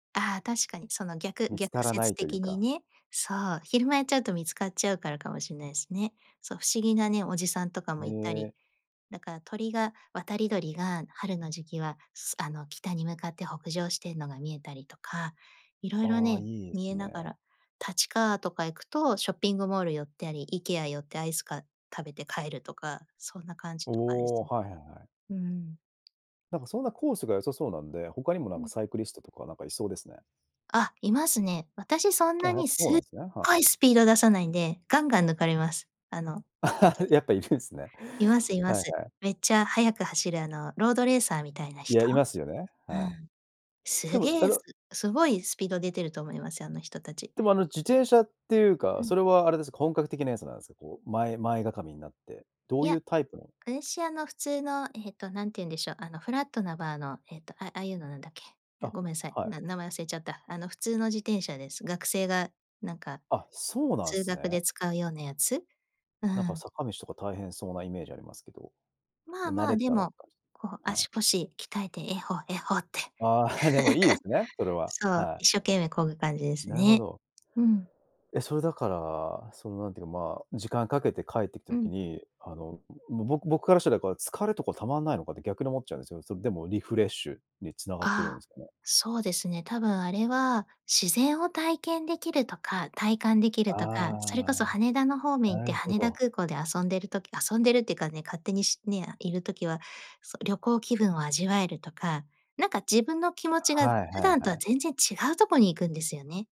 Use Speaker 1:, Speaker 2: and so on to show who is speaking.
Speaker 1: ああ、確かに。その逆
Speaker 2: 見つか
Speaker 1: 逆
Speaker 2: らな
Speaker 1: 説
Speaker 2: いという
Speaker 1: 的に
Speaker 2: か。
Speaker 1: ね。そう、昼間やっちゃうと、見つかっちゃうからかもしんないすね。そう、不思議なね、おじさんとかもいたり。
Speaker 2: ね。
Speaker 1: だから鳥が渡り鳥が、春の時期はすあの、北に向かって北上してんのが見えたりとか。色々
Speaker 2: ああ、
Speaker 1: ね、
Speaker 2: いいで
Speaker 1: 見
Speaker 2: す
Speaker 1: えなが
Speaker 2: ね。
Speaker 1: ら立川とか行くと、ショッピングモール寄ったり、IKEA 寄ってアイスか食べて帰るとか。そんな感じとかです
Speaker 2: おお、
Speaker 1: ね。
Speaker 2: はいはいはい。
Speaker 1: うん。
Speaker 2: なんかそんなコースが、良さそうなんで、他にもな
Speaker 1: う
Speaker 2: んか、
Speaker 1: ん。
Speaker 2: サイクリストとか、なんかいそうですね。
Speaker 1: あ、いますね。私そん
Speaker 2: あ、
Speaker 1: な
Speaker 2: やっ
Speaker 1: に、
Speaker 2: ぱそう
Speaker 1: す
Speaker 2: な
Speaker 1: っ
Speaker 2: んすね、はい。
Speaker 1: ごいスピード出さないんで、ガンガン抜かれます。あの、ほんと に。
Speaker 2: やっぱいるんすね。
Speaker 1: いますい
Speaker 2: は
Speaker 1: ま
Speaker 2: いは
Speaker 1: す。
Speaker 2: い。
Speaker 1: めっちゃ速く走る、あのロードレーサーみたいな
Speaker 2: いや、
Speaker 1: 人？
Speaker 2: いますよね、
Speaker 1: う
Speaker 2: は
Speaker 1: ん。
Speaker 2: い。
Speaker 1: す
Speaker 2: でも、
Speaker 1: げ
Speaker 2: あ
Speaker 1: えす
Speaker 2: の
Speaker 1: すごいスピード出てると思いますよ、あの人たち。
Speaker 2: でも、あの自転車っていうか、
Speaker 1: うん。
Speaker 2: それはあれですか、本格的なやつなんすか、こう、前前がかみになって、ど
Speaker 1: い
Speaker 2: うい
Speaker 1: や、
Speaker 2: うタイプの。
Speaker 1: 私、あの普通の、ええと何て言うんでしょう、あのフラットなバーの、えっと、あ、ああいうのなんだっけ。あ、
Speaker 2: あ、
Speaker 1: ごめんさい、
Speaker 2: はい。
Speaker 1: な名前忘れちゃった。あの普通の自転車です。学生がなんか、
Speaker 2: あ、そうなん
Speaker 1: 通
Speaker 2: す
Speaker 1: 学で
Speaker 2: ね。
Speaker 1: 使うようなやつ、う
Speaker 2: なんか
Speaker 1: ん。
Speaker 2: 坂道とか、大変そうなイメージありますけど。
Speaker 1: まあ
Speaker 2: もう慣
Speaker 1: まあ、
Speaker 2: れ
Speaker 1: で
Speaker 2: たらって
Speaker 1: も、
Speaker 2: 感じ
Speaker 1: こう
Speaker 2: はい。
Speaker 1: 足腰鍛えて、えっほ、えっほって。
Speaker 2: ああ、でもいいですね、それ は。
Speaker 1: そう、
Speaker 2: はい。
Speaker 1: 一生懸命こぐ感じです
Speaker 2: なるほ
Speaker 1: ね。
Speaker 2: ど。
Speaker 1: うん。
Speaker 2: え、それだから、そのなんていうか、まあ、時間かけて帰ってきた
Speaker 1: う
Speaker 2: 時
Speaker 1: ん。
Speaker 2: に、あの僕僕からしたら、こう疲れとかたまんないのかって、逆に思っちゃうんすよ。それでもリフレッシュに、繋がってる
Speaker 1: ああ。
Speaker 2: んすかね。
Speaker 1: そうですね、多分あれは、自然を体験できるとか、体感できるとか。それこそ
Speaker 2: ああ、
Speaker 1: 羽田の方面行っ
Speaker 2: な
Speaker 1: て、
Speaker 2: るほ
Speaker 1: 羽田
Speaker 2: ど。
Speaker 1: 空港で遊んでる時遊んでるってかね、勝手にしねあ、いる時は、そ、旅行気分を味わえるとか、なんか自分の気持ちが、
Speaker 2: はい
Speaker 1: 普
Speaker 2: はい、
Speaker 1: 段
Speaker 2: は
Speaker 1: とは
Speaker 2: い。
Speaker 1: 全然違うとこに行くんですよね。